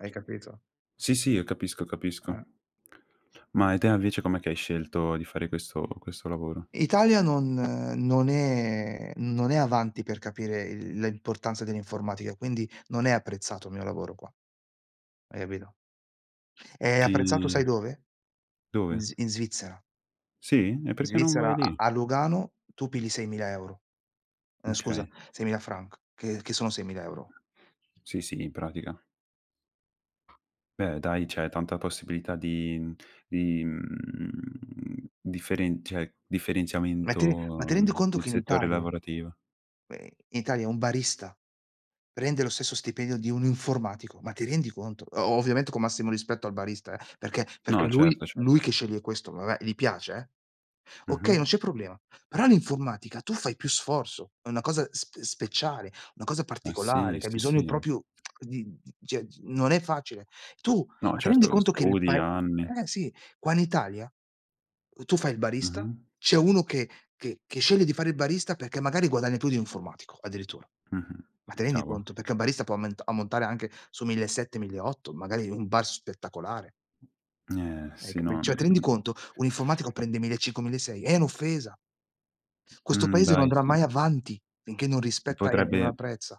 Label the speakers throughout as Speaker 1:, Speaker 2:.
Speaker 1: Hai capito?
Speaker 2: Sì, sì, io capisco, capisco.
Speaker 1: Eh.
Speaker 2: Ma, e te invece com'è che hai scelto di fare questo questo lavoro?
Speaker 1: Italia non non è non è avanti per capire il la importanza dell'informatica, quindi non è apprezzato il mio lavoro qua. Hai capito? È apprezzato sai
Speaker 2: Sì.
Speaker 1: dove? In
Speaker 2: Dove?
Speaker 1: Svi in Svizzera.
Speaker 2: Sì? E
Speaker 1: In
Speaker 2: perché non vai
Speaker 1: Svizzera a
Speaker 2: lì?
Speaker 1: a Lugano tu pigli 6000€ ehm, scusa,
Speaker 2: Okay.
Speaker 1: 6000 franc che che sono 6000€.
Speaker 2: Sì, sì, in pratica. Beh dai, c'è tanta possibilità di mhmm, di mhmm, differen cioè,
Speaker 1: Ma ti re ma ti
Speaker 2: differenziamento
Speaker 1: rendi conto
Speaker 2: nel
Speaker 1: che in
Speaker 2: settore
Speaker 1: Italia
Speaker 2: lavorativo.
Speaker 1: uhm Italia un barista prende lo stesso stipendio di un informatico, ma ti rendi conto? O ovviamente con massimo rispetto al barista, eh, perché perché
Speaker 2: No,
Speaker 1: lui
Speaker 2: certo, certo.
Speaker 1: lui che sceglie questo, vabbè gli piace eh okay, non
Speaker 2: Mh-mh.
Speaker 1: c'è problema. Però all'informatica tu fai più sforzo, è una cosa sp speciale, una cosa
Speaker 2: Ma sì,
Speaker 1: particolare, che hai
Speaker 2: sì,
Speaker 1: bisogno
Speaker 2: sì.
Speaker 1: proprio di di cio, non è facile. Tu
Speaker 2: No,
Speaker 1: ma ti rendi
Speaker 2: certo,
Speaker 1: conto che il
Speaker 2: studi
Speaker 1: pae
Speaker 2: anni.
Speaker 1: eh sì, qua in Italia, uhm, tu fai il barista,
Speaker 2: Mh-mh.
Speaker 1: c'è uno che che che sceglie di fare il barista perché magari guadagna più di un informatico, addirittura.
Speaker 2: Mh-mh,
Speaker 1: Ma ti rendi
Speaker 2: cavolo.
Speaker 1: conto? Perché un barista può aument ammontare anche su 1.700-1.800 magari in un bar spettacolare.
Speaker 2: Eh,
Speaker 1: Ec
Speaker 2: sì,
Speaker 1: beh,
Speaker 2: no
Speaker 1: cioè, ti rendi
Speaker 2: mhmm
Speaker 1: conto? Un informatico prende 1500-1600. È un'offesa. Questo
Speaker 2: Mh,
Speaker 1: paese non
Speaker 2: dai
Speaker 1: andrà mai
Speaker 2: sì.
Speaker 1: avanti finché non rispetta e e non
Speaker 2: Potrebbe
Speaker 1: apprezza.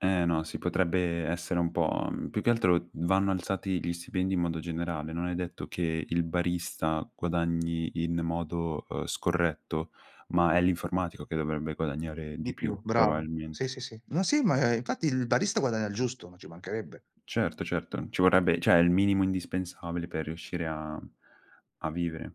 Speaker 2: Eh no, si potrebbe essere un po' mhmm, più che altro vanno alzati gli stipendi in modo generale. Non è detto che il barista guadagni in modo, ehm, scorretto, ma è l'informatico che dovrebbe guadagnare
Speaker 1: Di
Speaker 2: di più,
Speaker 1: più, bravo. Sì,
Speaker 2: probabilmente.
Speaker 1: sì, sì. No, sì, ma infatti il barista guadagna il giusto, ma ci mancherebbe.
Speaker 2: Certo, certo, ci vorrebbe cioè, il minimo indispensabile per riuscire a a vivere.